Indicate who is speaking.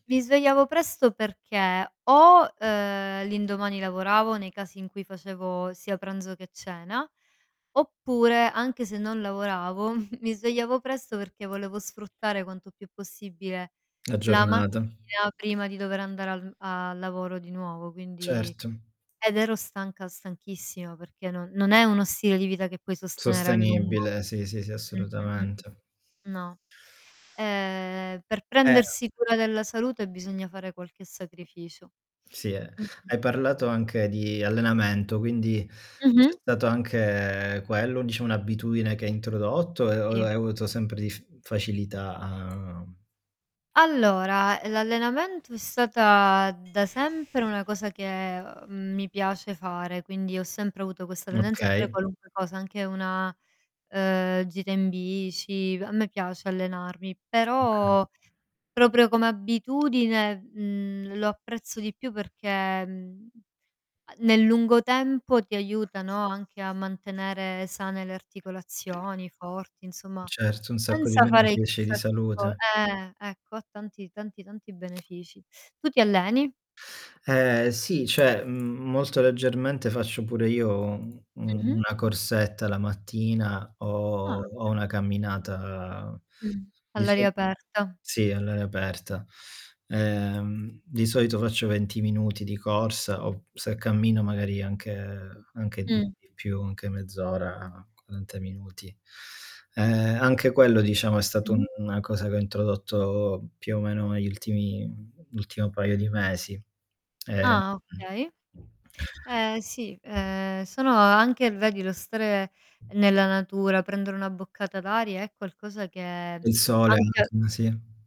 Speaker 1: Mi svegliavo presto perché o, ehm, l'indomani lavoravo nei casi in cui facevo sia pranzo che cena, oppure, anche se non lavoravo, mi svegliavo presto perché volevo sfruttare quanto più possibile
Speaker 2: A
Speaker 1: la
Speaker 2: giornata.
Speaker 1: mattina prima di dover andare al a lavoro di nuovo quindi
Speaker 2: Certo.
Speaker 1: ed ero stanca, stanchissima perché non non è uno stile di vita che puoi sostenere a lungo.
Speaker 2: Sostenibile, sì, sì, sì
Speaker 1: Mh, mh, mh.
Speaker 2: assolutamente.
Speaker 1: No. Ehm, per
Speaker 2: Eh no.
Speaker 1: prendersi cura della salute bisogna fare qualche sacrificio.
Speaker 2: Si è
Speaker 1: Mh, mh.
Speaker 2: hai parlato anche di allenamento, quindi
Speaker 1: Mh-mh.
Speaker 2: c'è stato anche quello, diciamo un'abitudine che hai introdotto o e o e o
Speaker 1: Si.
Speaker 2: hai avuto sempre dif facilità a
Speaker 1: Allora, l'allenamento è stata da sempre una cosa che, uhm, mi piace fare, quindi ho sempre avuto questa tendenza a fare
Speaker 2: Okay.
Speaker 1: qualunque cosa, anche una, ehm, gita in bici, a me piace allenarmi;
Speaker 2: Okay.
Speaker 1: però, proprio come abitudine, mhmm, lo apprezzo di più perché, mhmm, a nel lungo tempo ti aiuta, no, anche a mantenere sane le articolazioni, forti; insomma
Speaker 2: Certo un sacco di
Speaker 1: senza fare
Speaker 2: benefici e di
Speaker 1: chissà che co
Speaker 2: salute.
Speaker 1: eh, ecco, ha tanti, tanti, tanti benefici. Tu ti alleni?
Speaker 2: Eh sì, cioè, mhmm, molto leggermente faccio pure io u
Speaker 1: Mh-mh.
Speaker 2: una corsetta la mattina,
Speaker 1: Ah,
Speaker 2: o o
Speaker 1: okay.
Speaker 2: una camminata
Speaker 1: Mh,
Speaker 2: di so
Speaker 1: all'aria aperta.
Speaker 2: sì, all'aria aperta. Ehm, di solito faccio 20 minuti di corsa, o se cammino magari anche anche, mhmm,
Speaker 1: Mh.
Speaker 2: di più, anche mezz'ora, 40 minuti. Ehm, anche quello diciamo è stato un
Speaker 1: Mh-mh.
Speaker 2: una cosa che ho introdotto più o meno negli ultimi l'ultimo paio di mesi. Ehm
Speaker 1: Ah okay.
Speaker 2: mh.
Speaker 1: Eh sì, ehm, sono anche vedi lo stare nella natura, prendere una boccata d'aria è qualcosa che
Speaker 2: Il sole,
Speaker 1: anche
Speaker 2: [unintelligible] sì